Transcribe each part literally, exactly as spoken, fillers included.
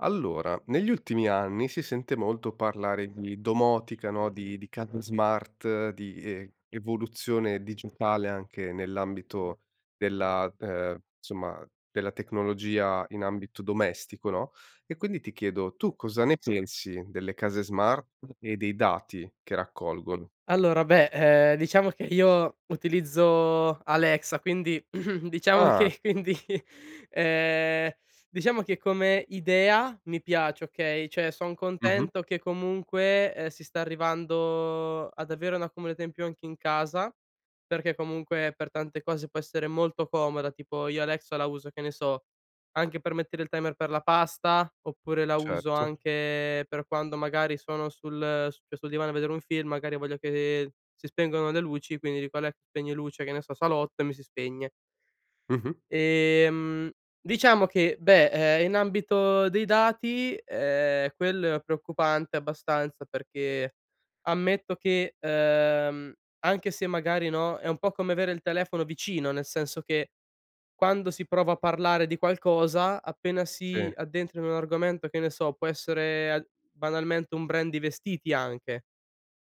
Allora, negli ultimi anni si sente molto parlare di domotica, no? Di di case smart, di e evoluzione digitale anche nell'ambito della ehm, insomma della tecnologia in ambito domestico, no? E quindi ti chiedo, tu cosa ne pensi delle case smart e dei dati che raccolgono? Allora, beh, ehm, diciamo che io utilizzo Alexa, quindi diciamo Ah. che quindi ehm, diciamo che come idea mi piace, okay? Cioè, son Mh-mh. contento che comunque, ehm, si sta arrivando ad avere una comodità in più anche in casa, perché comunque per tante cose può essere molto comoda, tipo io Alexa la uso, che ne so, anche per mettere il timer per la pasta, oppure la uso Certo. anche per quando magari sono sul su questo divano a vedere un film, magari voglio che si spengano le luci quindi dico: "Alexa spegni luci, che ne so, salotto", e mi si spegne. Mh-mh. Ehm, diciamo che, beh, ehm in ambito dei dati, ehm, quello è preoccupante abbastanza, perché, ammetto che, ehm, anche se magari no, è un po' come avere il telefono vicino, nel senso che quando si prova a parlare di qualcosa, appena Sì. si addentra in un argomento, che ne so, può essere al banalmente un brand di vestiti anche,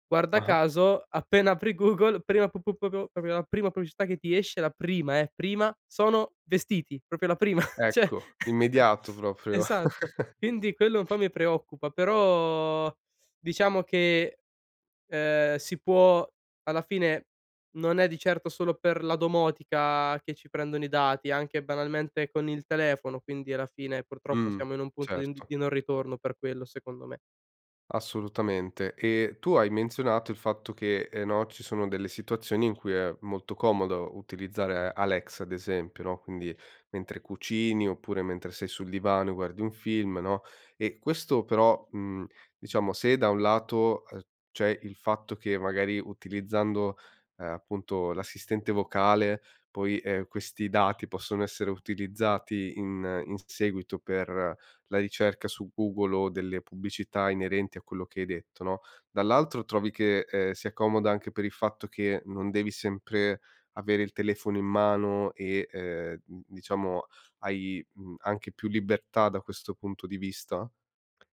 guarda Ah-ah. caso appena apri Google prima p p p pop popio la prima pubblicità che ti esce, la prima, eh, prima, sono vestiti! propio la prima. Cioè Ecco, immediato proprio. Esatto. Quindi, quello un po' mi preoccupa, però diciamo che, ehm, si può alla fine, non è di certo solo per la domotica che ci prendono i dati, anche banalmente con il telefono, quindi alla fine purtroppo Mh. siamo in un punto di n Certo. di non ritorno per quello, secondo me. Assolutamente, e tu hai menzionato il fatto che, ehm, no, ci sono delle situazioni in cui è molto comodo utilizzare Alexa, ad esempio, no? Quindi, mentre cucini oppure mentre sei sul divano e guardi un film, no? E questo però, mhmm, diciamo se da un lato, uhm, c'è il fatto che magari utilizzando, ehm, appunto, l'assistente vocale poi, ehm, questi dati possono essere utilizzati in in s seguito per la ricerca su Google o delle pubblicità inerenti a quello che hai detto, no? Dall'altro trovi che, ehm, sia comoda anche per il fatto che non devi sempre avere il telefono in mano e, ehm, mhmm diciamo hai, mhmm, anche più libertà da questo punto di vista?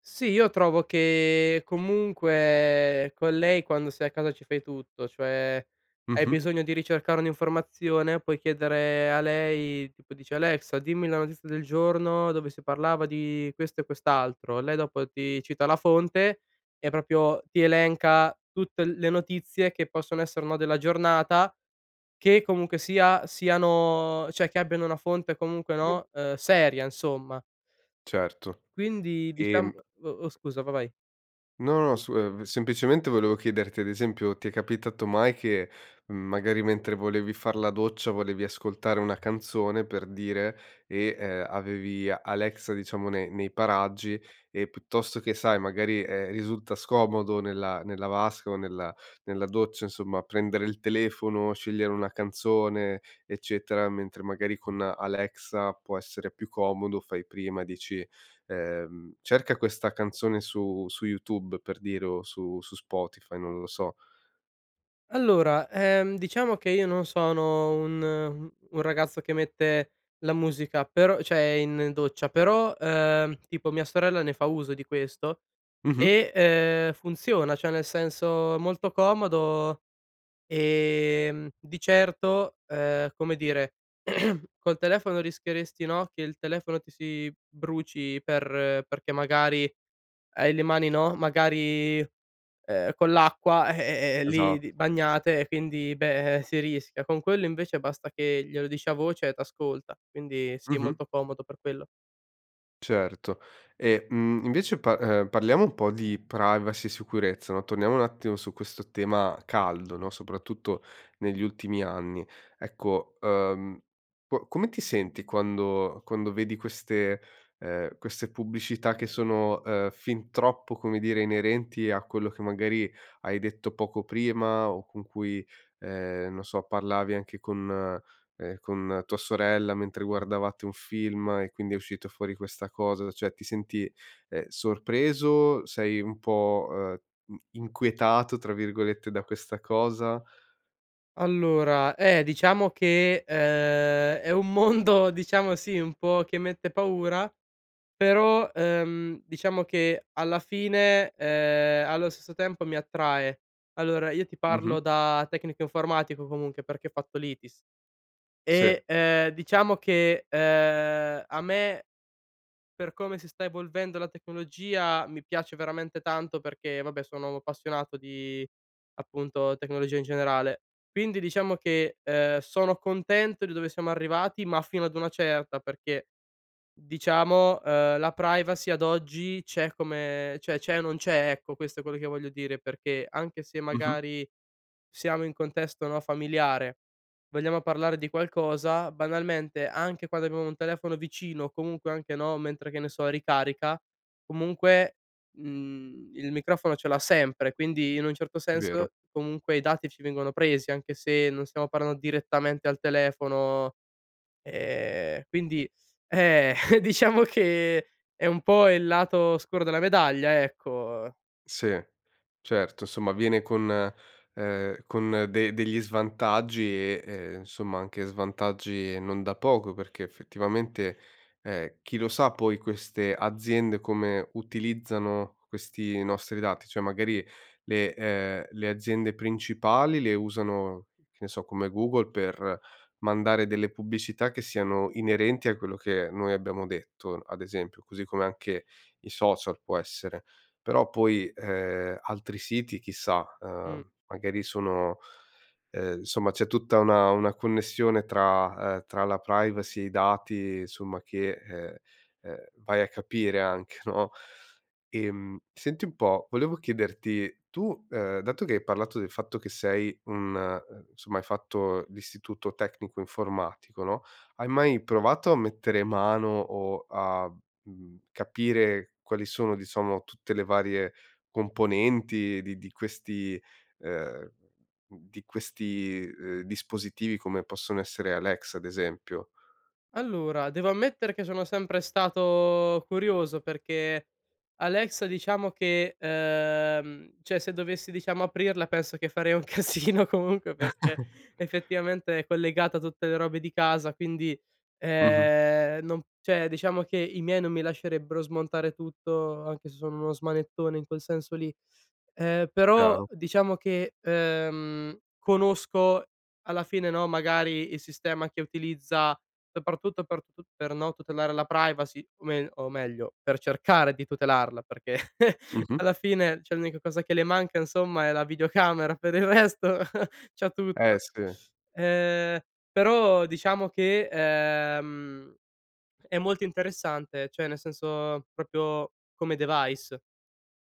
Sì, io trovo che, comunque, con lei quando sei a casa ci fai tutto, cioè, hai Mh-mh. bisogno di ricercare un'informazione puoi chiedere a lei, tipo dici: "Alexa, dimmi la notizia del giorno, dove si parlava di questo e quest'altro". Lei dopo ti cita la fonte, e propio ti elenca tutte le notizie che possono essere un no, della giornata, che comunque sia, siano cioè, che abbiano una fonte comunque, no, uhm, seria insomma. Certo, Quindi, diciam ehm o oh, scusa, va vai. No, no, su ev semplicemente volevo chiederti: ad esempio, ti è capitato mai che, mhmm, magari mentre volevi far la doccia, volevi ascoltare una canzone, per dire, e, ehm, avevi Alexa diciamo ne nei paraggi e puttosto che, sai, magari, ehm, risulta scomodo nella nella vasca o nella nella doccia insomma prendere il telefono, scegliere una canzone, eccetera, mentre magari con Alexa può essere più comodo, fai prima, dici, ehm: "Cerca questa canzone su su YouTube" per dire o "su su Spotify", non lo so? Allora, ehm, diciamo che io non sono un un ragazzo che mette la musica, però cioè in doccia, però, ehm, tipo, mia sorella ne fa uso di questo Mh-mh. e, uhm, funziona. Cioè, nel senso, molto comodo, e, mhmm, di certo, ehm, come dire col telefono rischieresti no, che il telefono ti si bruci per perché magari hai le mani no, magari, ehm, con l'acqua, eh eh lì Esatto. di bagnate e quindi beh, eh, si rischia. Con quello invece basta che glielo dici a voce e t'ascolta. Quindi sì, Mh-mh. molto comodo per quello. Certo. E, mhmm, invece pa uhm, parliamo un po' di privacy e sicurezza, no? Torniamo un attimo su questo tema caldo, no, soprattutto negli ultimi anni. Ecco, ehm, qua come ti senti quando quando vedi queste, ehm, queste pubblicità che sono, ehm, fin troppo, come dire, inerenti a quello che magari hai detto poco prima o con cui, ehm, non so, parlavi anche con, ehm, con tua sorella mentre guardavate un film e quindi è uscito fuori questa cosa, cioè ti senti, ehm, sorpreso, sei un po', ehm, mhmm, inquietato, tra virgolette, da questa cosa? Allora, eh, diciamo che, uhm, è un mondo diciamo, sì, un po' che mette paura però, ehm, diciamo che alla fine, uhm, allo stesso tempo mi attrae. Allora, io ti parlo Mh-mh. da tecnico informatico comunque perché ho fatto l'ITIS, Sì. e, uhm, diciamo che, uhm, a me per come si sta evolvendo la tecnologia mi piace veramente tanto perché, vabbè, sono appassionato di, appunto, tecnologia in generale. Quindi diciamo che, uhm, sono contento di dove siamo arrivati, ma fino ad una certa perché diciamo, uhm, la privacy ad oggi c'è come cioè c'è o non c'è, ecco, questo è quello che voglio dire, perché anche se, Mh-mh. magari, siamo in contesto, no, familiare, vogliamo parlare di qualcosa, banalmente, anche quando abbiamo un telefono vicino o comunque anche, no, mentre che ne so ricarica, comunque, mhmm, il microfono ce l'ha sempre, quindi, in un certo Vero. senso, comunque i dati ci vengono presi, anche se non stiamo parland direttamente al telefono, ehm, quindi, eh, diciamo che è un po' il lato oscuro della medaglia, ecco. Sì, certo somma, viene con, ehm, con de degli svantaggi e, ehm, nsomma anche svantaggi non da poco perché effettivamente, ehm, chi lo sa poi queste aziende come utilizzano questi nostri dati, cioè magari le uhm, le aziende principali le usano, che ne so, come Google, per mandare delle pubbicità che siano inerenti a quello che noi abbiamo detto, ad esempio, così come anche i social può essere, però poi, ehm, altri siti, chissà, Mh. uhm, magari sono ehm, somma, c'è tutta una una connessione tra, uhm, tra la privacy e i dati somma che, uhm, uhm, vai a capire anche, no? Ehm, senti un po', volevo chiederti: tu, ehm, dato che hai parlato del fatto che sei un somma, hai fatto l'istituto tecnico informatico, no, hai mai provato a mettere mano, o a, mhmm, capire quali sono, diciamo, tutte le varie componenti di di questi, uhm, di questi, uhm, dispositivi come possono essere Alexa ad esempio? Allora, devo ammettere che sono sempre stato curioso perché Alexa diciamo che, uhm, cioè se dovessi diciamo aprirla penso che farei un casino comunque perché effettivamente è collegata a tutte le robe di casa quindi, Mh-mh. ehm, non cioè diciamo che i miei non mi lascerebbero smontare tutto, anche se sono uno smanettone in quel senso lì, ehm, però Chiaro. diciamo che, ehm, conosco, alla fine, no, magari il sistema che utilizza soprattutto per tut per, no, tutelare la privacy. O mel o meglio, per cercare di tutelarla, perché Mh-mh. alla fine, cioè, l'unica cosa che le manca insomma è la videocamera, per il resto c'ha Eh, tutto. sì. Ehm, però diciamo che, ehm, è molto interessante, cioè nel senso proprio come device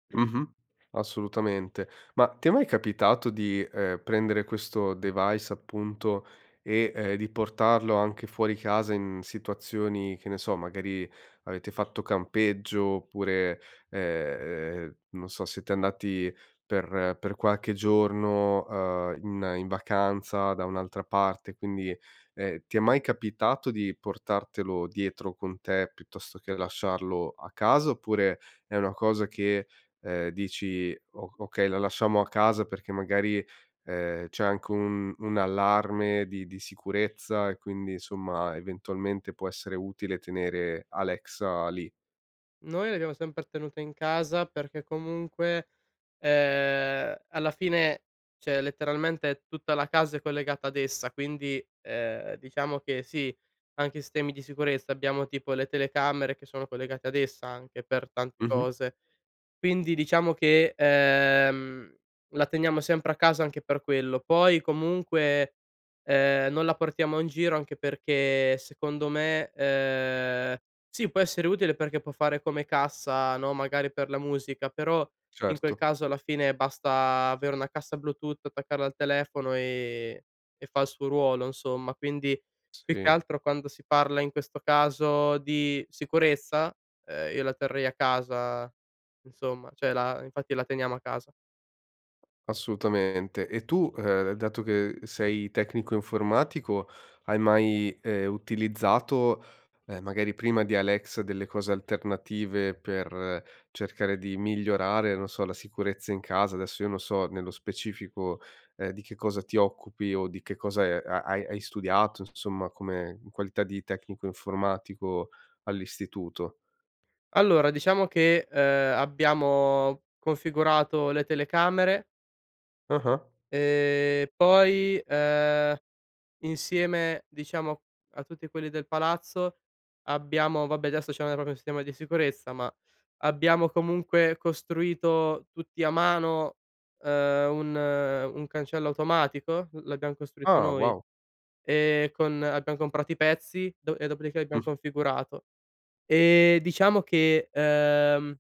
Mh-mh, assolutamente. Ma ti è mai capitato di, ehm, prendere questo device appunto, e, uhm, di portarlo anche fuori casa in situazioni, che ne so, magari avete fatto campeggio oppure, ehm, non so, siete andati per per qualche giorno, uhm, in in vacanza da un'altra parte, quindi, ehm, ti è mai capitato di portartelo dietro con te, piuttosto che lasciarlo a casa, oppure è una cosa che, ehm, dici: "O okay, la lasciamo a casa perché magari, ehm, c'è anche un un allarme di di sicurezza" e quindi, somma, eventualmente può essere utile tenere Alexa lì? Noi l'abbiamo sempre tenuta in casa perché comunque, ehm, alla fine, cioè è letteralmente, è tutta la casa è collegata ad essa quindi, ehm, diciamo che, sì, anche stemi di sicurezza, abbiamo tipo le telecamere che sono collegate ad essa anche, per tante Mh-mh. cose. Quindi, diciamo che, uhm, la teniamo sempre a casa anche per quello. Poi comunque, ehm, non la portiamo in giro anche perché secondo me, ehm sì, può essere utile perché può fare come cassa, no, magari per la musica, però in quel Certo. caso alla fine basta avere una cassa bluetooth, attaccarla al telefono e e fa il suo ruolo insomma, quindi più che Sì. altro quando si parla in questo caso di sicurezza, uhm, io la terrei a casa, insomma. Cioè la infatti la teniamo a casa. Assolutamente. E tu, ehm, dato che sei tecnico informatico, hai mai, ehm, utilizzato, ehm, magari prima di Alexa delle cose alternative per cercare di migliorare, non so, la sicurezza in casa, adesso io non so nello specifico, ehm, di che cosa ti occupi, o di che cosa e ha hai hai studiato nsomma come in qualità di tecnico informatico all'istituto? Allora diciamo che, uhm, abbiamo configurato le telecamere Ah-ah. ehm, poi, uhm, insieme diciamo a tutti quelli del palazzo abbiamo vabbè li associamo al propio stema di sicurezza, ma abbiamo comunque costruito tutti a mano, uhm, un un cancello automatico, uhm l'abbiam costruito Ah, noi, wow. e con abbiam comprato i pezzi, do e dopodiché l'abbiam Mh. configurato. E diciamo che, ehm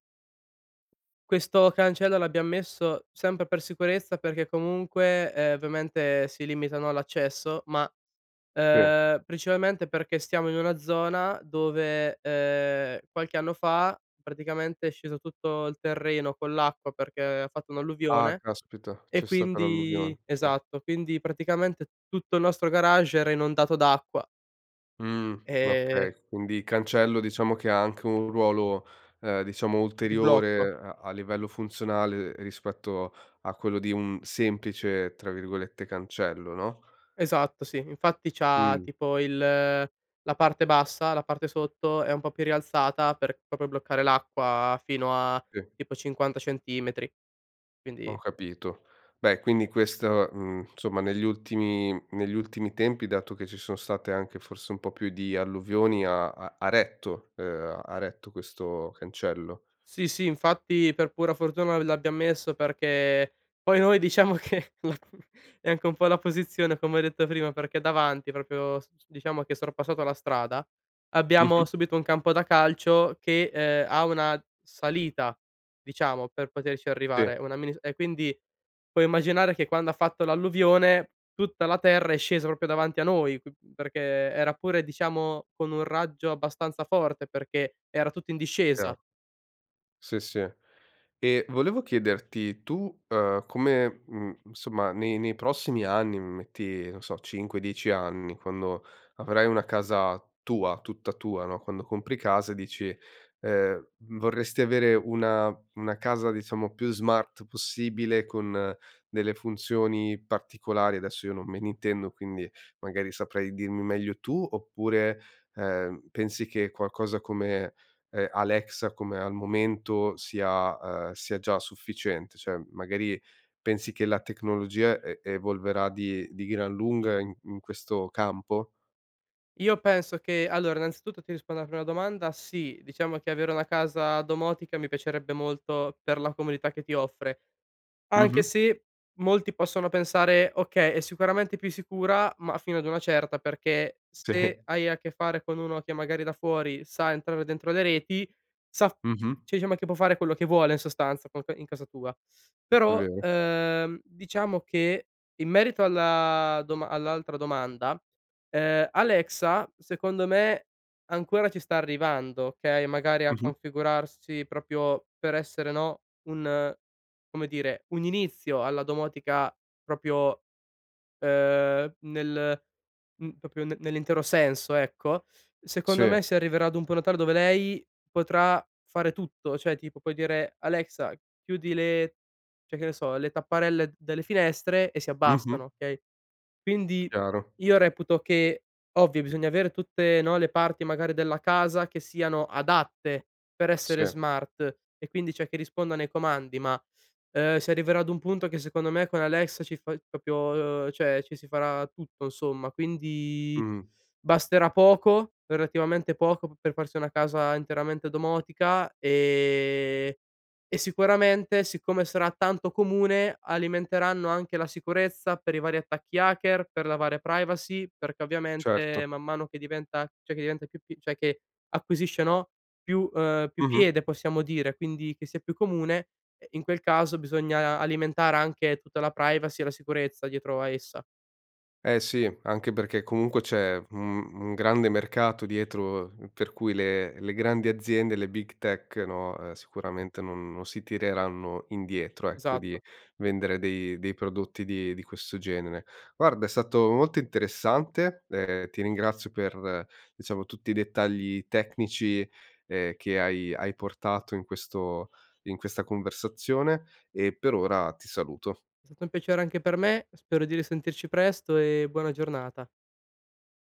questo cancello l'abbiam messo sempre per sicurezza perché comunque, ehm, ovviamente si limitano all'accesso ma, Sì. ehm, principalmente perché stiamo in una zona dove, ehm, qualche anno fa praticamente è sceso tutto il terreno con l'acqua perché ha fatto Ah, un'alluvione, caspita, e c'è stata quindi l'alluvione, sì. esatto. Quindi, praticamente tutto il nostro garage era inondato d'acqua. Mhmm, Ehm okay. Quindi cancello diciamo che ha anche un ruolo, ehm, diciamo Di blocco. ulteriore a a livello funzionale rispetto a quello di un semplice, tra virgolette, cancello, no? Esatto sì, infatti c'ha Mh. tipo il la parte bassa, la parte sotto è un po' più rialzata per propio bloccare l'acqua, fino a Sì. tipo cinquanta centimetri, Ho quindi capito. Beh, quindi questo, mhmm, nsomma negli ultimi negli ultimi tempi, dato che ci son state anche forse un po' più di alluvioni, ha ha ha retto, ehm, ha retto questo cancello? Sì, sì, infatti per pura fortuna l'abbiam messo perché poi noi diciamo che la è anche un po' la posizione, come ho detto prima, perché davanti propio s s diciamo che sorpassato la strada, Mh-mh. abbiamo subito un campo da calcio che, ehm, ha una salita, diciamo, per poterci Sì. arrivare, una mini s e quindi, puoi immaginare che quando ha fatto l'alluvione tutta la terra è scesa propio davanti a noi, q perché era pure diciamo con un raggio abbastanza forte, perché era tutto in Chiaro. discesa. Sì, sì. E volevo chiederti, tu, uhm, come, mhmm, insomma nei nei prossimi anni, metti non so cinque, dieci anni, quando avrai una casa tua, tutta tua, no, quando compri casa e dici, ehm vorresti avere una una casa diciamo più smart possibile, con delle funzioni particolari, adesso io non me ne intendo, quindi magari saprai dirmi meglio tu, oppure, ehm, pensi che qualcosa come, ehm, Alexa, come al momento sia, ehm, sia già sufficiente, cioè magari pensi che la tecnologia e evolverà di di gran lunga in in questo campo? Io penso che, allora, innanzitutto ti rispondo alla prima domanda. Sì, diciamo che avere una casa domotica mi piacerebbe molto per la comodità che ti offre, anche Mh-mh. se molti possono pensare okay, è sicuramente più sicura ma fino ad una certa, perché Sì. se hai a che fare con uno che magari da fuori sa entrare dentro le reti sa f Mh-mh. cioè, diciamo che può fare quello che vuole in sostanza con que in casa tua, però, Vero. uhm, diciamo che, in merito alla doma all'altra domanda, uhm, Alexa, secondo me, ancora ci sta arrivando, okay? Magari a Mh-mh. configurarsi propio per essere, no, un come dire, un inizio alla domotica propio, uhm, nel m propio ne nell'intero senso, ecco. Secondo Sì. me, si arriverà ad un [unintelligible] dove lei potrà fare tutto, cioè tipo puoi dire: "Alexa, chiudi le" cioè, che ne so, "le tapparelle delle finestre" e si Mh-mh. abbassano, okay? Quindi Chiaro. io reputo che ovvio, bisogna avere tutte, no, le parti magari della casa che siano adatte per Sì. essere smart, e quindi, cioè, che rispondono ai comandi ma, uhm, si arriverà ad un punto che secondo me con Alexa ci fa il propio uhm, cioè ci si farà tutto nsomma, quindi Mh. basterà poco, relativamente poco, p per farsi una casa interamente domotica. E e sicuramente, siccome sarà tanto comune, alimenteranno anche la sicurezza per i vari attacchi hacker, per la varia privacy, perché ovviamente Certo. man mano che diventa, cioè che diventa più p cioè che acquisisce, no, più, uhm, più Mh-mh. piede possiamo dire, quindi che sia più comune, ehm, in quel caso bisogna alimentare anche tutta la privacy e la sicurezza dietro a essa. Eh, sì. Anche perché comunque c'è un un grande mercato dietro, per cui le le grandi aziende, le big tech, no, ehm, sicuramente non non si tireranno indietro, ecco, di Esatto. vendere dei dei prodotti di di questo genere. Guarda, è stato molto interessante, ehm, ti ringrazio per, diciamo, tutti i dettagli tecnici, ehm, che hai hai portato in questo in questa conversazione e per ora ti saluto. È stato un piacere anche per me, spero di risentirci presto e buona giornata.